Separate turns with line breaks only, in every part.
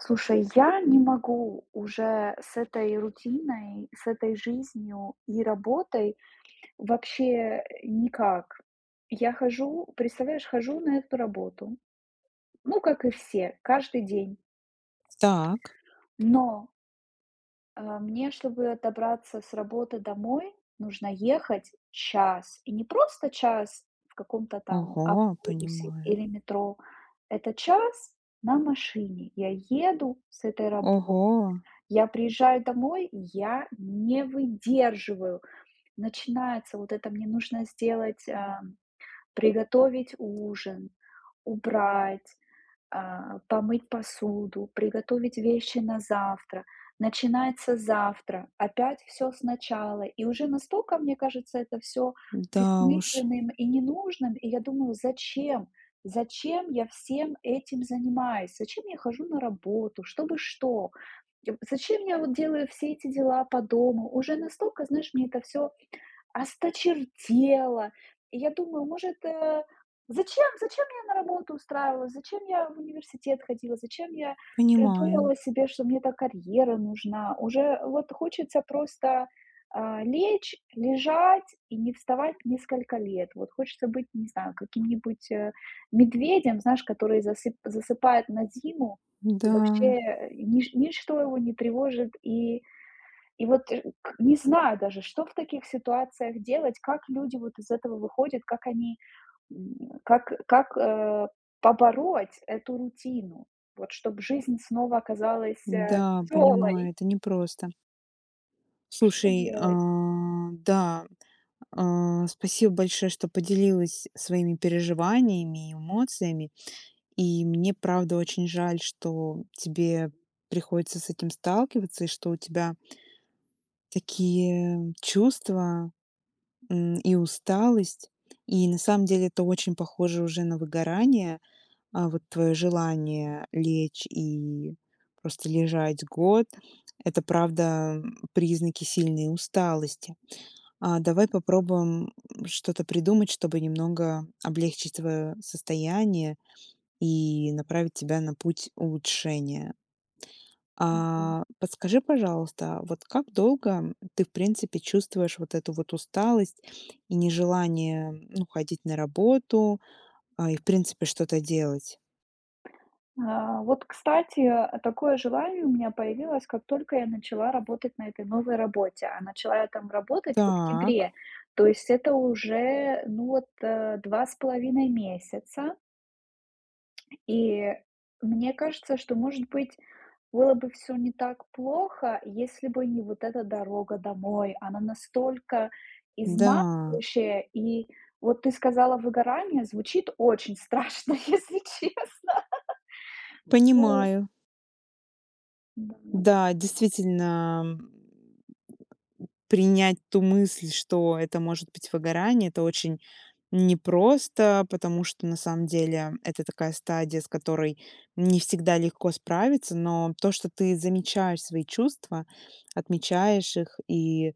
Слушай, я не могу уже с этой рутиной, с этой жизнью и работой вообще, э, никак. Я хожу представляешь, хожу на эту работу. Ну, как и все, каждый день.
Так.
Но а, мне, чтобы добраться с работы домой, нужно ехать час, и не просто час в каком-то там
Ого,
автобусе
понимаю.
или метро. Это час на машине я еду с этой работы.
Ого.
Я приезжаю домой, и я не выдерживаю, начинается: "Вот это мне нужно сделать, а, м, приготовить ужин, убрать, а, помыть посуду, приготовить вещи на завтра". Начинается завтра, опять всё сначала, и уже настолько, мне кажется, это всё
Да уж.
бессмысленным и ненужным, и я думаю: "Зачем? Зачем я всем этим занимаюсь? Зачем я хожу на работу, чтобы что? Я в зачем я вот делаю все эти дела по дому?" Уже настолько, знаешь, мне это всё осточертело, и я думаю, может, э: "Зачем? Зачем я на работу устраивалась? Зачем я в университет ходила? Зачем я
Понимаю.
придумала себе, что мне так карьера нужна?" Уже вот хочется просто, а, лечь, лежать и не вставать несколько лет, вот хочется быть, не знаю, каким-нибудь, э, медведем, знаешь, который засып засыпает на зиму и, вообще,
Да.
э, нич ничто его не тревожит, и и вот ш к не знаю даже, что в таких ситуациях делать, как люди вот из этого выходят, как они, м, как как, а, побороть эту рутину, вот чтобы жизнь снова оказалась, а,
Да, понимаю,
весёлой?
это не просто.
Что
Слушай,
делать?
а, да, а, спасибо большое, что поделилась своими переживаниями и эмоциями, и мне правда очень жаль, что тебе приходится с этим сталкиваться, и что у тебя такие чувства, м, и усталость. И на самом деле это очень похоже уже на выгорание. А, вот твое желание лечь и просто лежать год- это правда, м, признаки сильной усталости. А давай попробуем, м, что-то придумать, чтобы немного облегчить твоё состояние и направить тебя на путь улучшения.
Мгм.
А, подскажи, пожалуйста, вот как долго, м, ты, в принципе, чувствуешь вот эту вот усталость и нежелание ну ходить на работу, а, и, в принципе, что-то делать?
А, вот, кстати, такое желание у меня появилось, как только я начала работать на этой новой работе, а начала я там работать в
Так.
октябре, то есть это уже, ну, вот, э, 2 c половиной месяца. И мне кажется, что, может быть, было бы всё не так плохо, если бы не вот эта дорога домой, она настолько
Да.
изматывающая, и вот ты сказала: "Выгорание". Звучит очень страшно, если честно. Вот.
Понимаю.
Давай.
Да, действительно, м, принять ту мысль, что это может быть выгорание, это очень непросто, потому что, на самом деле- это такая стадия, с которой не всегда легко справиться. Но то, что ты замечаешь свои чувства, отмечаешь их, и,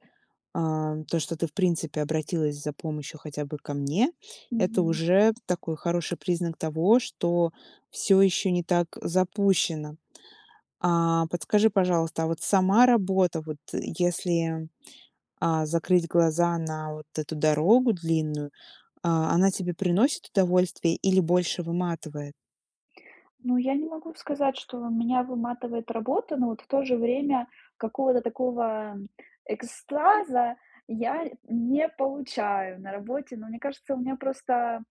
а, то, что ты, в принципе, обратилась за помощью хотя бы ко мне, это
Мгм.
уже такой хороший признак того, что всё еще не так запущено. А, подскажи, пожалуйста, а вот сама работа вот, э, если, а, закрыть глаза на вот эту дорогу длинную, а она тебе приносит удовольствие или больше выматывает?
Ну, я не могу сказать, что меня выматывает работа, но вот в то же время какого-то такого, м, экстаза я не получаю на работе, но мне кажется, у меня просто,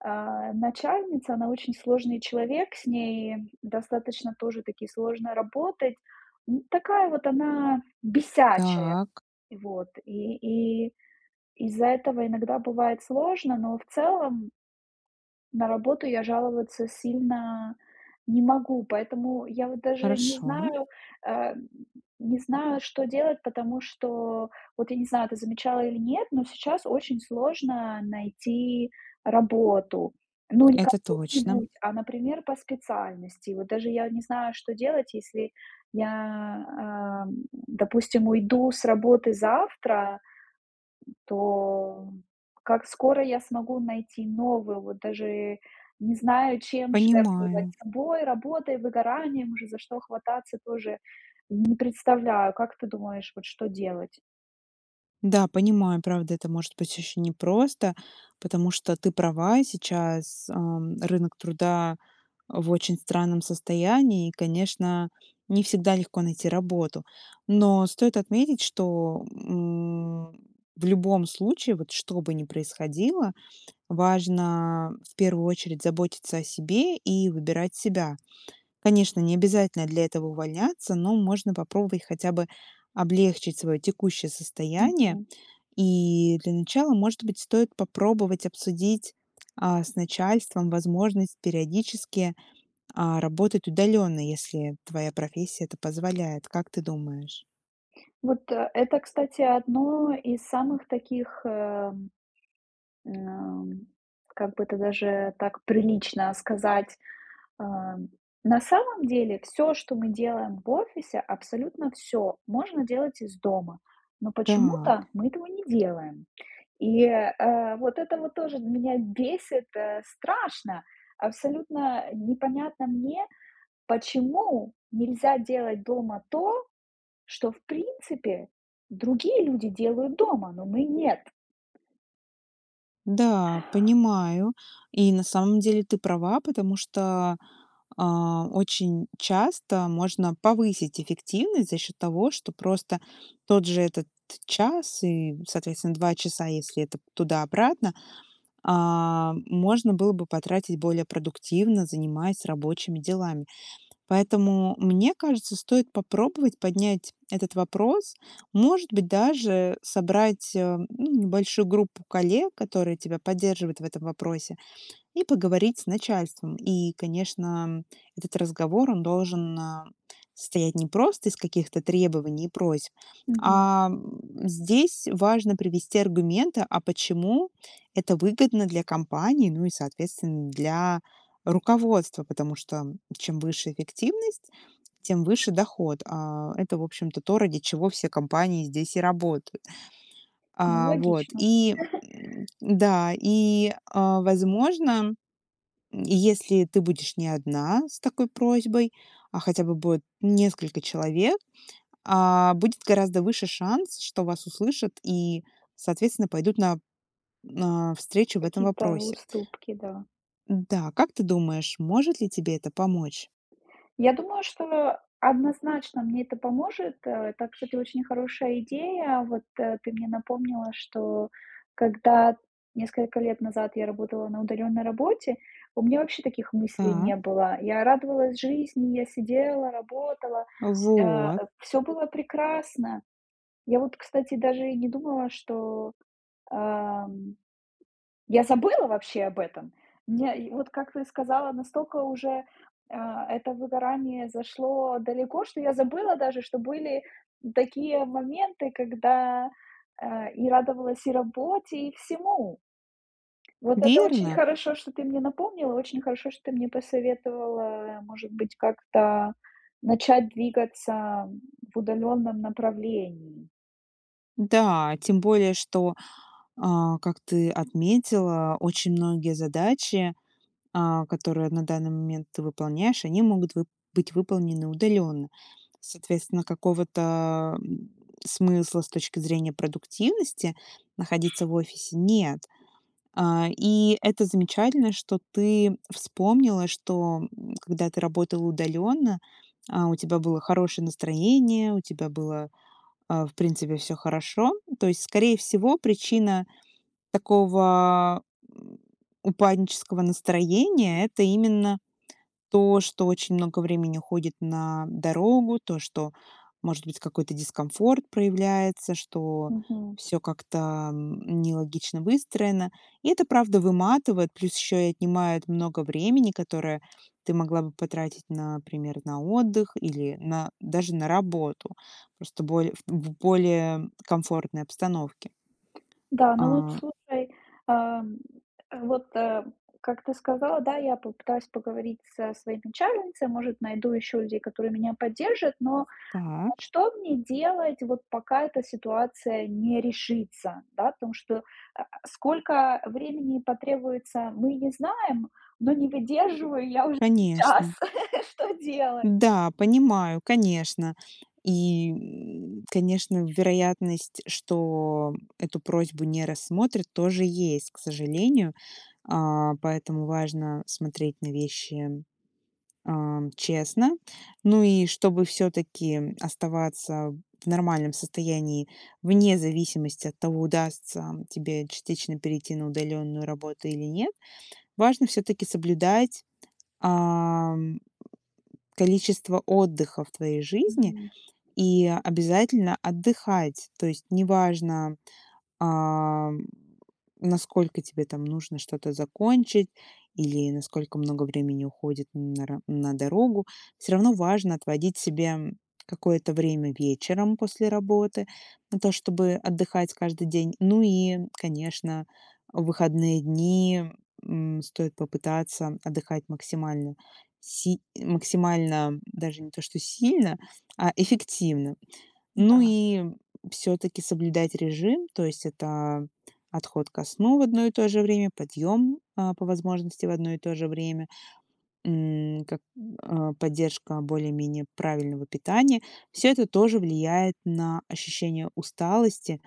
а, начальница, она очень сложный человек, с ней достаточно тоже-таки сложно работать, ну, такая вот она бесячая.
Так.
Вот и и из-за этого иногда бывает сложно, но в целом На работу я жаловаться сильно не могу, поэтому я, вот, даже не
Хорошо.
знаю а, м, не знаю, что делать, потому что вот, я не знаю, ты замечала или нет, но сейчас очень сложно найти работу. Ну, не
Это точно.
кому-нибудь, а, например, по специальности. Вот даже я не знаю, что делать, если я, а, м, допустим, уйду с работы завтра, м, то как скоро я смогу найти новую, вот даже не знаю, чем жертвовать:
Понимаю.
собой, работой, выгоранием, уже за что хвататься тоже не представляю. Как ты думаешь, вот что делать?
Да, понимаю, правда, это может быть очень непросто, потому что ты права сейчас. Ам, рынок труда в очень странном состоянии, и, конечно, не всегда легко найти работу. Но стоит отметить, что, м, в любом случае, вот что бы ни происходило, важно в первую очередь заботиться о себе и выбирать себя. Конечно, необязательно для этого увольняться, но можно попробовать хотя бы облегчить своё текущее состояние.
Мгм.
И для начала, может быть, стоит попробовать обсудить, а, с начальством возможность периодически, а, работать удалённо, если твоя профессия это позволяет, как ты думаешь?
Вот это, кстати, одно из самых таких, э, м, как бы то даже так прилично сказать, э, на самом деле всё, что мы делаем в офисе, абсолютно всё можно делать из дома, но
Так.
почему-то мы этого не делаем, и, э, вот это вот тоже меня бесит, э, страшно. Абсолютно непонятно мне, почему нельзя делать дома то, что, в принципе, другие люди делают дома, но мы- нет.
Да, понимаю. И на самом деле ты права, потому что, а, очень часто можно повысить эффективность за счет того, что просто тот же этот час и, соответственно, 2 часа, если это туда-обратно, а, можно было бы потратить более продуктивно, занимаясь рабочими делами. Поэтому, мне кажется, стоит попробовать поднять этот вопрос. Может быть, даже собрать, э, ну небольшую группу коллег, которые тебя поддерживают в этом вопросе, и поговорить с начальством. И, конечно, этот разговор, он должен, а, состоять не просто из каких-то требований и просьб,
Мгм.
а здесь важно привести аргументы, а почему это выгодно для компании, ну и, соответственно, для руководства, потому что чем выше эффективность, тем выше доход. А, это, в общем-то, то, ради чего все компании здесь и работают.
Ну,
А, вот
логично.
и, м, да, и, а, возможно, если ты будешь не одна с такой просьбой, а хотя бы будет несколько человек, а, будет гораздо выше шанс, что вас услышат и, соответственно, пойдут на, а, встречу в этом
Какие-то
вопросе.
уступки, да.
Да, как ты думаешь, может ли тебе это помочь?
Я думаю, что однозначно мне это поможет, э, так что это очень хорошая идея. Вот, э, ты мне напомнила, что когда несколько лет назад я работала на удалённой работе, у меня вообще таких мыслей не
Так.
было. Я радовалась жизни, я сидела, работала, э,
Вот.
всё было прекрасно. Я вот, кстати, даже и не думала, что, эм, я забыла вообще об этом. Мне вот, как ты сказала, настолько уже, э, это выгорание зашло далеко, что я забыла даже, что были такие моменты, когда, э, и радовалась и работе, и всему. Вот это очень
Верно!
хорошо, что ты мне напомнила, очень хорошо, что ты мне посоветовала, может быть, как-то начать двигаться в удалённом направлении.
Да, тем более что, э, как ты отметила, очень многие задачи, а, которые на данный момент ты выполняешь, они могут вы быть выполнены удаленно. Соответственно, какого-то смысла с точки зрения продуктивности находиться в офисе нет. А, и это замечательно, что ты вспомнила, что когда ты работала удаленно, а, у тебя было хорошее настроение, у тебя было, а, в принципе, всё хорошо. То есть, скорее всего, причина такого, м, упаднического настроения- это именно то, что очень много времени уходит на дорогу, то, что, может быть, какой-то дискомфорт проявляется, что
Мгм.
всё как-то нелогично выстроено. И это правда выматывает, плюс еще и отнимает много времени, которое ты могла бы потратить, например, на отдых или на даже на работу. Просто более в в более комфортной обстановке.
Да, ну вот
А.
слушай, эм, вот, э, как ты сказала, да, я попытаюсь поговорить со своей начальницей, может, найду ещё людей, которые меня поддержат, но
Так.
что мне делать вот, пока эта ситуация не решится, да, потому что, а, сколько времени потребуется, мы не знаем, но не выдерживаю я уже сейчас,
Конечно.
что делать?
Да, понимаю, конечно. И, м, конечно, вероятность, что эту просьбу не рассмотрят, тоже есть, к сожалению. А, поэтому важно смотреть на вещи, а, честно. Ну и чтобы всё-таки оставаться в нормальном состоянии вне зависимости от того, удастся тебе частично перейти на удаленную работу или нет, важно всё-таки соблюдать, а, м, количество отдыха в твоей жизни
Мгм.
и обязательно отдыхать. То есть неважно, а, м, насколько тебе там нужно что-то закончить или насколько много времени уходит на ра на дорогу, всё равно важно отводить себе какое-то время вечером после работы на то, чтобы отдыхать каждый день. Ну и, конечно, в выходные дни, м, стоит попытаться отдыхать максимально, си максимально даже не то что сильно, а эффективно. Ну
Да.
и всё-таки соблюдать режим. То есть это отход ко сну в одно и то же время, подъём, а, по возможности в одно и то же время, м, как, а, поддержка более-менее правильного питания. Всё это тоже влияет на ощущение усталости,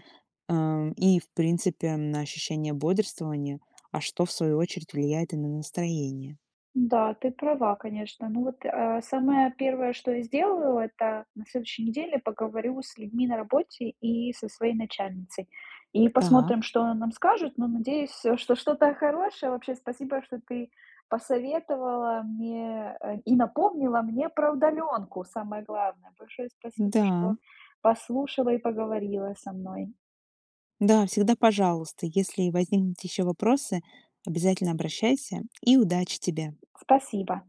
э, и в принципе на ощущение бодрствования, а что в свою очередь влияет и на настроение.
Да, ты права, конечно. Ну вот, э, самое первое, что я сделаю- это на следующей неделе поговорю с людьми на работе и со своей начальницей, и посмотрим,
Так.
что она нам скажет, но надеюсь, что что-то хорошее. Вообще, спасибо, что ты посоветовала мне, э, и напомнила мне про удалёнку самое главное. Большое спасибо,
Да.
что послушала и поговорила со мной.
Да, всегда пожалуйста. Если возникнут ещё вопросы, обязательно обращайся, и удачи тебе!
Спасибо.